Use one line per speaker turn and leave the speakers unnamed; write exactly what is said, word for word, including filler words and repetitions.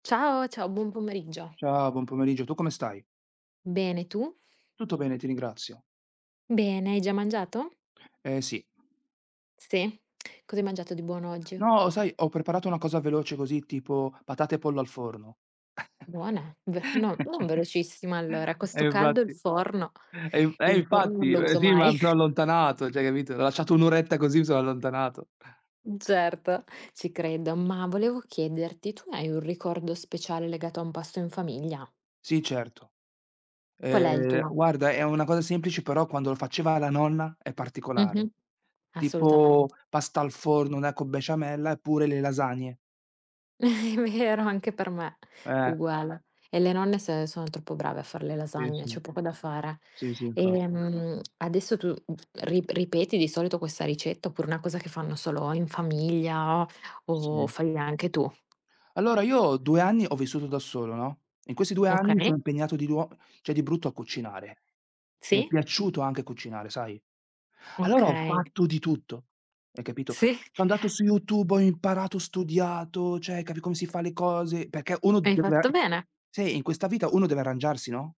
Ciao, ciao, buon pomeriggio.
Ciao, buon pomeriggio. Tu come stai?
Bene, tu?
Tutto bene, ti ringrazio.
Bene, hai già mangiato?
Eh, sì.
Sì, cos'hai mangiato di buono oggi?
No sai, ho preparato una cosa veloce così tipo patate e pollo al forno.
Buona, v no, non velocissima allora.
E
Questo caldo il
infatti
forno
e inf e
il forno non
infatti
lo uso
si ma
mai.
mi son allontanato, ceh, capito, ho lasciato un oretta così, mi sono allontanato.
Mh, certo, ci credo, ma volevo chiederti, tu hai un ricordo speciale legato a un pasto in famiglia?
Sì certo.
Qual è il
Uhm,
tuo?
guarda è una cosa semplice però quando lo faceva la nonna è particolare.
Mh-mh.
Tipo
Assolutament
pasta al forno, una co' besciamella, eppure le lasagne.
Mi mi era anche per me,
Eh.
uguale, e le nonne se sono troppo brave a far le
Sì,
lasagne,
sì.
c'è poco da fare.
Sì sì infatti.
Ehm, adesso tu, uhm, rip ripeti di solito questa ricetta oppure una cosa che fanno solo in famiglia, o
Sì.
fai anche tu?
Allora, io, due anni, ho vissuto da solo, no, in questi due anni, mi
Okay.
sono impegnato di nuo ceh, di brutto, a cucinare. Mi è
Sì.
piaciuto anche cucinare, sai? Allora, ho
Okay.
fatto di tutto, hai capito?
Sì.
So' andato su YouTube, ho imparato, ho studiato, ceh, capi come si fa le cose, perché uno
Hai fatto
deve
bene.
Sì, in questa vita, uno deve arrangiarsi, no?